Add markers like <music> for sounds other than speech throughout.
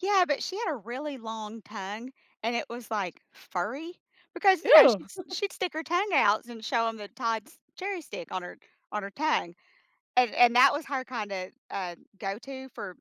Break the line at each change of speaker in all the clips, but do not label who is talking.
Yeah, but she had a really long tongue and it was, like, furry because, you know,
Ew.
she'd st
<chuckles>
she'd stick her tongue outs and show 'em the Todd's cherry stick on her on her tongue. And and that was her kind of, uh, go to for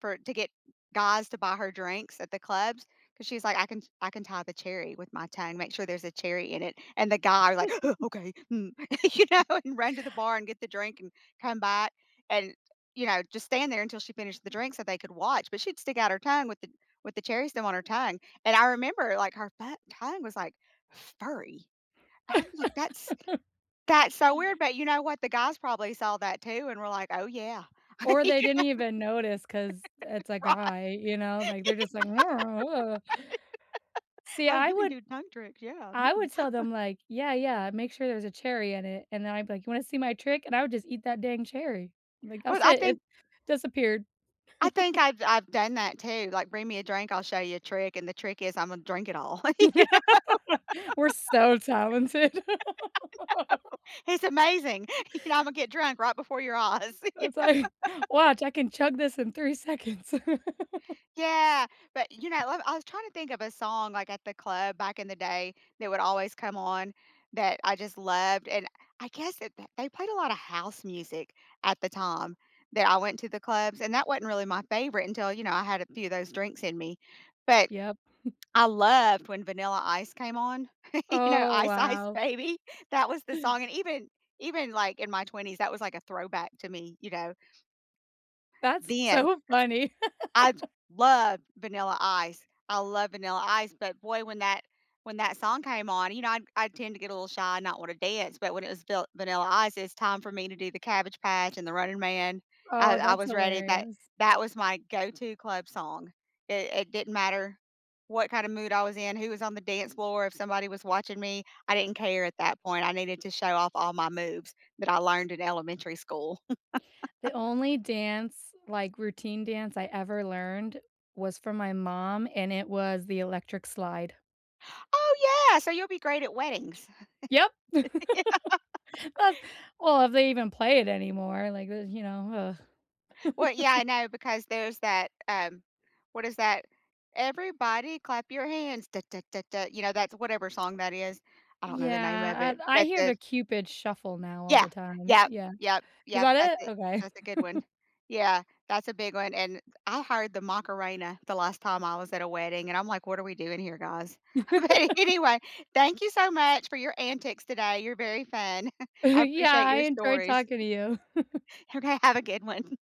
for to get guys to buy her drinks at the clubs 'cause she's like, "I can ch I can tie the cherry with my tongue, make sure there's a cherry in it," and the guy w like, "Huh,
<chuckles>
okay, mm," you know,
<chuckles>
and run to the bar, and get the drink and come back and, you know, just stand there until she finished the drink so they could watch, but she'd stick out her tongue with the with the cherry stem on her tongue, and I remember, like, her fu tongue was, like, furry. I'm like "That's
<laughs>
that's so weird," but you know what, the guys probably saw that too and were like, "Oh yeah,"
Or
you
they
know?
didn't even notice, 'cause it's a
<laughs> Right. Y Right.
guy, you know, like, they're just like, <groans> "Ugh."
<laughs>
See,
"Oh,
I
you can
would
do tongue tricks, yeah,
I
mm."
would tell
<chuckles>
them, like, "Yeah, yeah, make sure there's a cherry in it," and then I'd be like, "You wanna see my trick," and I would just eat that dang cherry, like,
Well,
"That's
I
it, it
think
disappeared."
I think
<chuckles>
I've I've done that too, like, "Bring me a drink, I'll show you a trick," and the trick is Imma drink it all, you know?
<chuckles> We're so talented. <chuckles>
<laughs> I know, it's amazing, <chuckles> you know, Imma to get drunk right before your eyes. Yeah.
It's like,
<laughs>
"Watch, I can chug this in 3 seconds." <chuckles>
Yeah, but you know I I was trying to think of a song, like, at the club back in the day that would always come on that I just loved and I guess that that they played a lot of house music at the time that I went to the clubs and that wasn't really my favorite until, you know, I had a few of those drinks in me, but,
Yep. <chuckles>
I loved when Vanilla Ice came on, <chuckles> you know,
Oh,
Ice Ice
wow.
Baby? That was the song, and even even, like, in my 20s, that was like a throwback to me, you know.
That's
Then, 'cause
so funny.
I j
<chuckles>
love Vanilla Ice, I love Vanilla Ice, but boy, when that when that song came on, you know, I I tend to get a little shy and not want to dance, but when it was Vil Vanilla Ice, it's time for me to do the Cabbage Patch and the Running Man. I
Oh,
I
that's
was ready, that
hilarious.
that was my go-to club song. It it didn't matter what kind of mood I was in, who was on the dance floor, if somebody was watching me, I didn't care at that point, I needed to show off all my moves that I learned in elementary school.
The only
<chuckles>
dance, like, routine dance I ever learned was from my mom, and it was the electric slide.
Oh yeah, so you'll be great at weddings.
Yep.
Yeah.
<chuckles>
<chuckles>
That's well, if they even play it anymore, like, th you know, ugh.
Well, yeah, I
<chuckles>
know because there's that, um, what is that? "Everybody clap your hands, da da da da," you know, that's whatever song that is, I don't know the name of
Yeah,
it,
I I
but
hear
the
the Cupid shuffle now all
Yeah,
the time,
yep,
yeah.
yep,
Is
yep, that's
that it?
it,
Okay.
that's a good one.
<chuckles>
Yeah, that's a big one, and I hired the Macarena the last time I was at a wedding, and I'm like, "What are we doing here, guys," but
<chuckles>
anyway, thank you so much for your antics today, you're very fun. <chuckles> I
<chuckles> Yeah,
appreciate
I
your
enjoyed
stories.
talking to you. <chuckles>
Okay, have a good one.